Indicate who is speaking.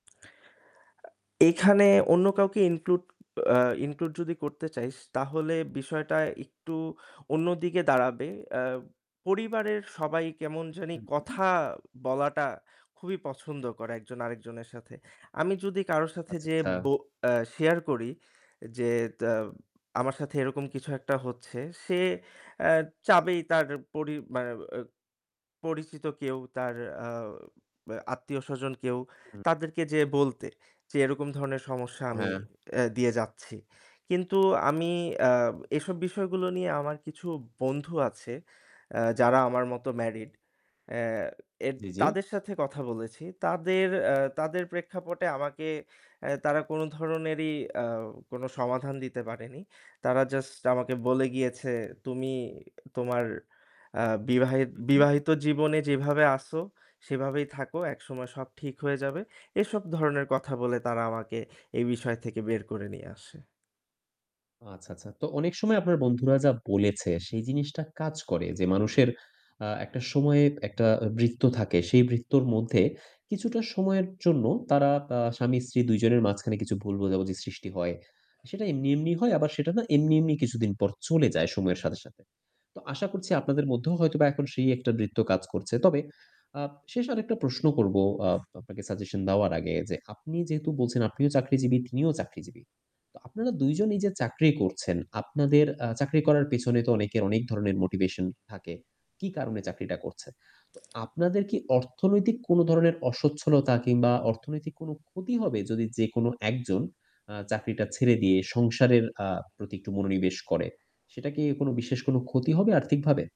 Speaker 1: আ এখানে অন্য কাউকে include, আ include যদি করতে চাই তাহলে বিষয়টা একটু অন্যদিকে দাঁড়াবে। অ্যা পরিবারের সবাই কেমন জানি
Speaker 2: হুম, হু।
Speaker 1: কথা বলাটা খুবই পছন্দ করে একজন আরেকজনের সাথে। আমি যদি কারো সাথে
Speaker 2: আচ্ছা,
Speaker 1: যেয়ে
Speaker 2: আচ্ছা।
Speaker 1: বো অ্যা share করি যে তাউ আমার সাথে এরকম কিছু একটা হচ্ছে, সে অ্যা চাবেই তার পরি মানে অ্যা পরিচিত কেউ তার আ বে আত্মীয়স্বজন কেউ
Speaker 2: হুম।
Speaker 1: তাদেরকে যেয়ে বলতে, যে এরকম ধরনের সমস্যা আমি
Speaker 2: হ্যাঁ।
Speaker 1: অ্যা দিয়ে যাচ্ছি। কিন্তু আমি অ্যা এসব বিষয়গুলো নিয়ে আমার কিছু বন্ধু আছে অ্যা যারা আমার মতো married। অ্যা এদ
Speaker 2: জি, জি।
Speaker 1: তাদের সাথে কথা বলেছি। তাদের অ্যা তাদের প্রেক্ষাপটে আমাকে অ্যা তারা কোনো ধরনেরই আও কোনো সমাধান দিতে পারেনি। তারা just আমাকে বলে গিয়েছে, "তুমি তোমার আ বিবাহের
Speaker 2: উহু।
Speaker 1: বিবাহিত জীবনে যেভাবে আছো সেভাবেই থাকো। একসময় সব ঠিক হয়ে যাবে।" এসব ধরনের কথা বলে তারা আমাকে এই বিষয় থেকে বের করে নিয়ে আসে।
Speaker 2: আচ্ছা, আচ্ছা। তো অনেক সময় আপনার বন্ধুরা যা বলেছে সেই জিনিসটা কাজ করে। যে মানুষের আ একটা সময়ে একটা আ বৃত্ত থাকে। সেই বৃত্তর মধ্যে কিছুটা সময়ের জন্য তারা তা স্বামী-স্ত্রী ২ জনের মাঝখানে কিছু ভুল বোঝাবুঝি সৃষ্টি হয়। সেটা এমনি, এমনি হয়। আবার সেটা না এমনি, এমনি কিছুদিন পর চলে যায় সময়ের সাথে, সাথে। তো আশা করছি আপনাদের মধ্যেও হয়তোবা এখন সেই একটা বৃত্ত কাজ করছে। তবে আপ শেষ আরেকটা প্রশ্ন করব আপ আপনাকে সাজেশন দেওয়ার আগে যে, আপনি যেহেতু বলছেন, আপনিও চাকরিজীবী তিনিও চাকরিজীবী। তো আপনারা ২ জন এইযে চাকরি করছেন, আপনাদের আ চাকরি করার পেছনে তো অনেকের অনেক ধরনের মোটিভেশন থাকে, কি কারণে চাকরিটা করছে? তো আপনাদের কি অর্থনৈতিক কোনো ধরনের অস্বচ্ছলতা কিংবা অর্থনৈতিক কোনো ক্ষতি হবে যদি যেকোনো ১ জন আ চাকরিটা ছেড়ে দিয়ে সংসারের আ প্রতি একটু মনোনিবেশ করে? সেটা কি কোনো বিশেষ কোন ক্ষতি হবে আর্থিকভাবে?